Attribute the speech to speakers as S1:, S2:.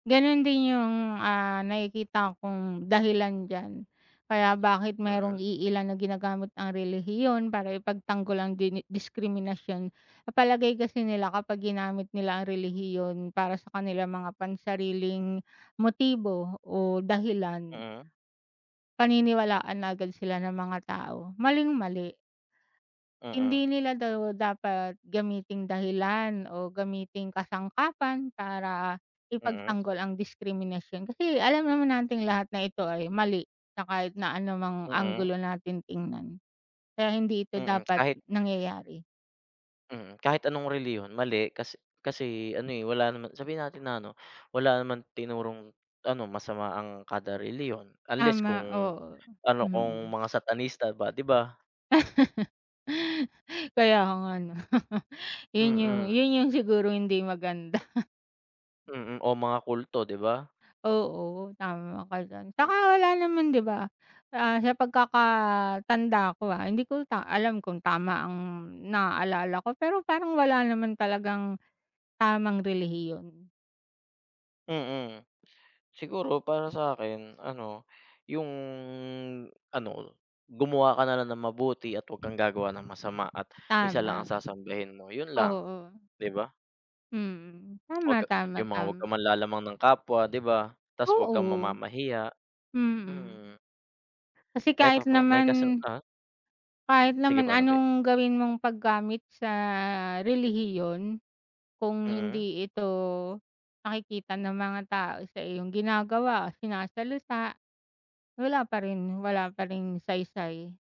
S1: Ganon din yung, ah, nakikita kong dahilan diyan. Kaya bakit mayrong
S2: Mm.
S1: iilan na ginagamit ang relihiyon para ipagtanggol ang dini diskriminasyon. Sa palagay kasi nila kapag ginamit nila ang relihiyon para sa kanilang mga pansariling motibo o dahilan
S2: Mm.
S1: paniniwalaan agad sila ng mga tao, maling mali.
S2: Mm.
S1: Hindi nila daw dapat gamiting dahilan o gamiting kasangkapan para
S2: Mm.
S1: ipagtanggol ang diskriminasyon, kasi alam naman nating lahat na ito ay mali na kahit na anumang
S2: Mm.
S1: anggulo natin tingnan. Kaya hindi ito
S2: Mm
S1: dapat
S2: kahit
S1: nangyayari.
S2: Mm, kahit anong relihiyon, mali, kas kasi ano, eh, wala naman sabihin natin na ano, wala naman tinurong ano masama ang kada relihiyon, unless
S1: Tama,
S2: kung
S1: oo,
S2: ano kung
S1: mm.
S2: mga satanista ba 'di ba?
S1: Kaya nga ano. Yun yung
S2: Mm.
S1: yun yung siguro hindi maganda.
S2: Mm o mga kulto 'di ba?
S1: Oo, tama ka diyan,
S2: Hmm.
S1: 'tsaka wala naman 'di ba, ah, sa pagkakatanda ko, ah, hindi ko lang alam kung tama ang naalala ko pero parang wala naman talagang tamang relihiyon.
S2: Mm. Siguro para sa 'kin ano, yung ano gumawa ka na lang ng mabuti at 'wag kang gagawa ng masama at isa
S1: Tama
S2: lang ang sasambahin mo yun lang,
S1: oo.
S2: 'di ba?
S1: Mm,
S2: Huwag
S1: tama,
S2: ka
S1: tama
S2: yung mga wag kang
S1: tam
S2: manlalamang ng kapwa 'di ba, tas wag kang
S1: Oo.
S2: mamamahiya
S1: Mm.
S2: mm.
S1: Kasi
S2: Eto
S1: kahit
S2: po may kasang
S1: naman
S2: ah.
S1: kahit
S2: Sige po,
S1: naman
S2: ano po' yon?
S1: anong gawin mong paggamit sa relihiyon kung
S2: Mm.
S1: hindi ito nakikita ng mga tao sa iyong ginagawa, sinasalitaa, wala pa rin wala pa ring saysay.